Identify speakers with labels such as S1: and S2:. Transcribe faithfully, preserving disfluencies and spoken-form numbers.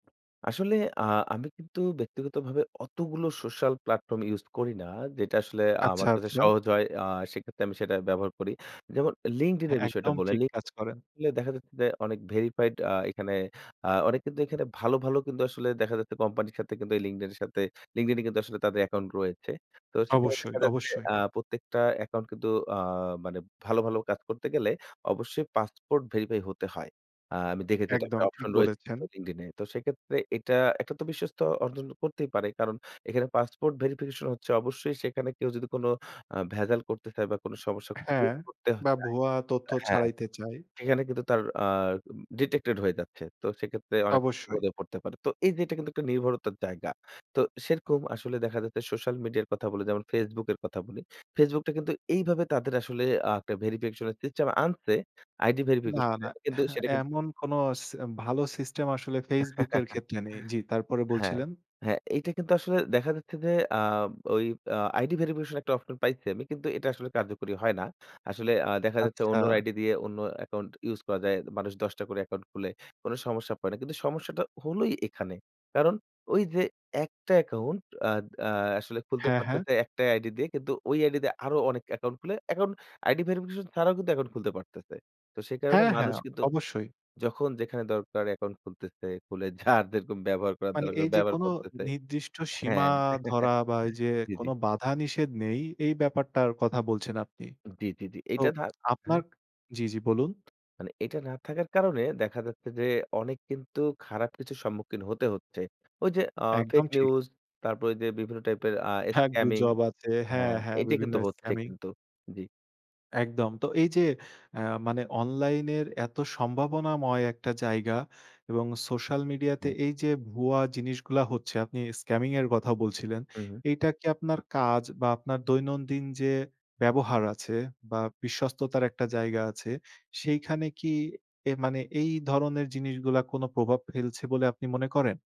S1: আসলে আ আমি কিন্তু ব্যক্তিগতভাবে অতগুলো social platform use করি না। যেটা আসলে আমার
S2: আচ্ছা,
S1: কাছে
S2: আচ্ছা।
S1: সহজ হয়। আ সেক্ষেত্রে আমি সেটা ব্যবহার করি। যেমন LinkedIn
S2: হ্যাঁ
S1: এর বিষয়টা
S2: একদম
S1: বললেন।
S2: ঠিক
S1: লি
S2: কাজ করেন।
S1: এ দেখা যাচ্ছে যে অনেক ভেরিফাইড আ এখানে আ অনেক কিন্তু এখানে ভালো, ভালো, কিন্তু আসলে দেখা যাচ্ছে কোম্পানির সাথে কিন্তু এই LinkedIn এর সাথে, LinkedIn কিন্তু আসলে তাদের অ্যাকাউন্ট রয়েছে। তো সেখানে দেখা
S2: অবশ্যই,
S1: যাচ্ছে
S2: অবশ্যই।
S1: আ প্রত্যেকটা অ্যাকাউন্ট কিন্তু আ মানে ভালো, ভালো, কাজ করতে গেলে অবশ্যই পাসপোর্ট ভেরিফাই হতে হয়। আ আমি দেখেছি এটা একটা
S2: একদম ঠিক
S1: অপশন রয়েছে
S2: বলেছেন।
S1: LinkedIn এ। তো সেক্ষেত্রে এটা একটা তো বিশ্বস্ত অর্জন করতেই পারে। কারণ এখানে পাসপোর্ট ভেরিফিকেশন হচ্ছে। অবশ্যই সেখানে কেউ যদি কোন অ্যা ভেজাল করতে চায় বা কোন সমস্যা
S2: হ্যাঁ।
S1: [unintelligible] করতেও
S2: বা
S1: চায়।
S2: ভুয়া তথ্য
S1: হ্যাঁ,
S2: ছাড়াইতে চায়।
S1: সেখানে কিন্তু তার আ উম ডিটেক্টেড হয়ে যাচ্ছে। তো সেক্ষেত্রে অনেক
S2: অবশ্যই।
S1: [unintelligible] পড়তে পারে। তো এই যে এটা কিন্তু একটা নির্ভরতার জায়গা। তো সেরকম আসলে দেখা যাচ্ছে, সোশ্যাল মিডিয়ার কথা বলি যেমন Facebook এর কথা বলি। Facebook টা কিন্তু এইভাবে তাদের আসলে আ একটা ভেরিফিকেশন সিস্টেম আনছে। আইডি
S2: না, না।
S1: ভেরিফিকেশনের কিন্তু সেটা কিন্তু
S2: এমন কোন স ভালো সিস্টেম আসলে ফেসবুকের এর ক্ষেত্রে নেই। জি, তারপরে
S1: হ্যাঁ,
S2: বলছিলেন।
S1: হ্যাঁ এইটা কিন্তু আসলে দেখা যাচ্ছে যে, আ ওই আ আইডি ভেরিফিকেশন একটা অপশন পাইছি আমি, কিন্তু এটা আসলে কার্যকরী হয় না। আসলে আ দেখা যাচ্ছে
S2: আচ্ছা।
S1: অন্যর আইডি দিয়ে অন্য অ্যাকাউন্ট ইউস করা যায়। মানুষ দশ টা করে অ্যাকাউন্ট খুলে, কোনো সমস্যা পড়ে না। কিন্তু সমস্যাটা হলোই এখানে। কারণ ওই যে একটা অ্যাকাউন্ট আদ আ আসলে খুলতে
S2: হ্যাঁ, হ্যাঁ।
S1: পারতেছে। একটাই আইডি দিয়ে কিন্তু ওই আইডি দিয়ে আরো অনেক অ্যাকাউন্ট খুলে, অ্যাকাউন্ট আইডি ভেরিফিকেশন ছাড়াও কিন্তু অ্যাকউন্ট খুলতে পারতেছে। তো সে কারণে
S2: হ্যাঁ,
S1: মানুষ
S2: হ্যাঁ,
S1: কিন্তু
S2: অবশ্যই।
S1: যখন যেখানে দরকার অ্যাকাউন্ট খুলতেছে। খুলে যার যেরকম ব্যবহার করার
S2: মানে
S1: দরকার
S2: এই যে
S1: ব্যবহার
S2: কোন
S1: করতেছে।
S2: নির্দিষ্ট সীমা
S1: হ্যাঁ।
S2: ধরা বা এই যে
S1: জি,
S2: কোন
S1: জি।
S2: বাধা নিষেধ নেই এই ব্যাপারটার কথা বলছেন আপনি।
S1: জি, জি, জি।
S2: তো
S1: এইটা থাক
S2: আপনার
S1: হ্যাঁ।
S2: জি, জি, বলুন?
S1: মানে এটা না থাকার কারণে দেখা যাচ্ছে যে, অনেক কিন্তু খারাপ কিছুর সম্মুখীন হতে হচ্ছে। ওই যে অ
S2: একদম
S1: ফেক
S2: ঠিক।
S1: নিউজ তারপরে ওই যে বিভিন্ন টাইপের আ
S2: হ্যাঁ
S1: স্ক্যামিং
S2: গুজব আছে। হ্যাঁ,
S1: হ্যাঁ
S2: হ্যাঁ,
S1: এইটা
S2: বিভিন্ন
S1: কিন্তু হচ্ছে
S2: স্ক্যামিং।
S1: কিন্তু। জি।
S2: একদম। তো এই যে অ্যা মানে অনলাইনের এত সম্ভাবনাময় একটা জায়গা এবং সোশ্যাল মিডিয়া তে
S1: হ্যাঁ।
S2: এই যে ভুয়া জিনিসগুলা হচ্ছে আপনি স্ক্যামিং এর কথাও বলছিলেন।
S1: হু, হু।
S2: এইটা কি আপনার কাজ বা আপনার দৈনন্দিন যে ব্যবহার আছে বা বিশ্বস্ততার একটা জায়গা আছে, সেইখানে কি এ মানে, এই ধরনের জিনিসগুলা কোন প্রভাব ফেলছে বলে আপনি মনে করেন?